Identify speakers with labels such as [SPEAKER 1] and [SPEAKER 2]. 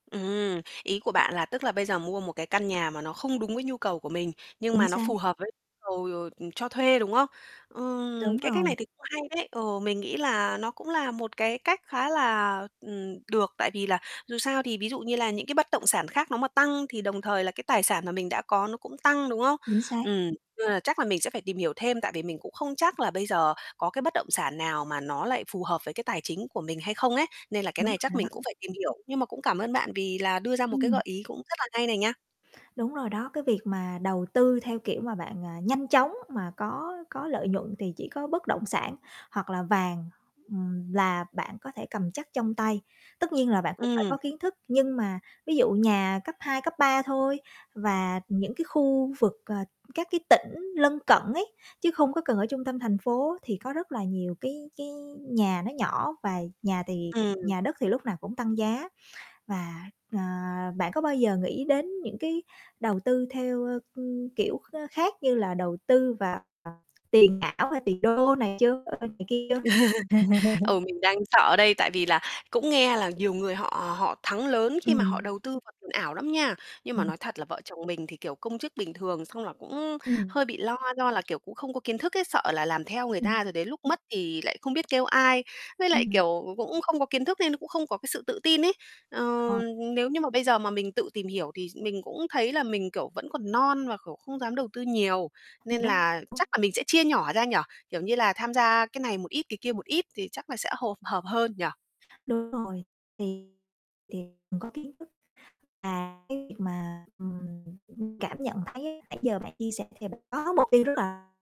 [SPEAKER 1] Ừm, ý của bạn là tức là bây giờ mua một cái căn nhà mà nó không đúng với nhu cầu của mình, nhưng mà
[SPEAKER 2] Chính
[SPEAKER 1] nó
[SPEAKER 2] xác.
[SPEAKER 1] phù hợp với cầu, ờ, cho thuê, đúng không? Ừm,
[SPEAKER 2] Đúng
[SPEAKER 1] cái cách
[SPEAKER 2] rồi.
[SPEAKER 1] này thì cũng hay đấy, ừ, mình nghĩ là nó cũng là một cái cách khá là, ừm, được tại vì là dù sao thì ví dụ như là những cái bất động sản khác nó mà tăng thì đồng thời là cái tài sản mà mình đã có nó cũng tăng, đúng không?
[SPEAKER 2] Chính xác.
[SPEAKER 1] Ừm. Nên là chắc là mình sẽ phải tìm hiểu thêm tại vì mình cũng không chắc là bây giờ có cái bất động sản nào mà nó lại phù hợp với cái tài chính của mình hay không ấy, nên là cái
[SPEAKER 2] Đúng
[SPEAKER 1] này chắc
[SPEAKER 2] rồi
[SPEAKER 1] mình
[SPEAKER 2] đó.
[SPEAKER 1] cũng phải tìm hiểu. Nhưng mà cũng cảm ơn bạn vì là đưa ra một cái gợi
[SPEAKER 2] Ừm.
[SPEAKER 1] ý cũng rất là hay này nha.
[SPEAKER 2] Đúng rồi đó, cái việc mà đầu tư theo kiểu mà bạn, à, nhanh chóng mà có có lợi nhuận thì chỉ có bất động sản, hoặc là vàng, ừm, là bạn có thể cầm chắc trong tay. Tất nhiên là bạn cũng phải
[SPEAKER 1] Ừm.
[SPEAKER 2] có kiến thức, nhưng mà ví dụ nhà cấp 2, cấp 3 thôi và những cái khu vực, ờ, các cái tỉnh lân cận ấy, chứ không có cần ở trung tâm thành phố thì có rất là nhiều cái cái nhà nó nhỏ và nhà thì
[SPEAKER 1] Ừm.
[SPEAKER 2] nhà đất thì lúc nào cũng tăng giá. Và, ờ, bạn có bao giờ nghĩ đến những cái đầu tư theo, ơ, ưm, kiểu, kh khác như là đầu tư vào tiền ảo, hay tiền đô này chưa, ơ, này kia chưa?
[SPEAKER 1] Ừ, mình đang sợ đây, tại vì là cũng nghe là nhiều người họ họ thắng lớn khi mà họ
[SPEAKER 2] Ừm.
[SPEAKER 1] đầu tư vào tiền ảo lắm nha. Nhưng mà
[SPEAKER 2] Ừm.
[SPEAKER 1] nói thật là vợ chồng mình thì, kiểu, công chức bình thường, xong là cũng
[SPEAKER 2] Ừm.
[SPEAKER 1] hơi bị lo do là, kiểu, cũng không có kiến thức ấy, sợ là làm theo người ta
[SPEAKER 2] Ừm.
[SPEAKER 1] rồi đến lúc mất thì lại không biết kêu ai, với lại,
[SPEAKER 2] Ừm.
[SPEAKER 1] kiểu, cũng cũng không có kiến thức nên cũng không có cái sự tự tin ấy. Ờ,
[SPEAKER 2] Ờ.
[SPEAKER 1] nếu như mà bây giờ mà mình tự tìm hiểu thì mình cũng thấy là mình, kiểu, vẫn còn non và, kiểu, không dám đầu tư nhiều, nên là chắc
[SPEAKER 2] [unintelligible]
[SPEAKER 1] là mình sẽ chia nhỏ ra nhỉ, kiểu như là tham gia cái này một ít cái kia một ít thì chắc là sẽ hộp hợp hơn nhỉ?
[SPEAKER 2] Đúng rồi. Thì thì mình có kiến thức và cái việc mà, ừm, cảm nhận thấy nãy giờ bạn chia sẻ thì bạn có mục tiêu rất là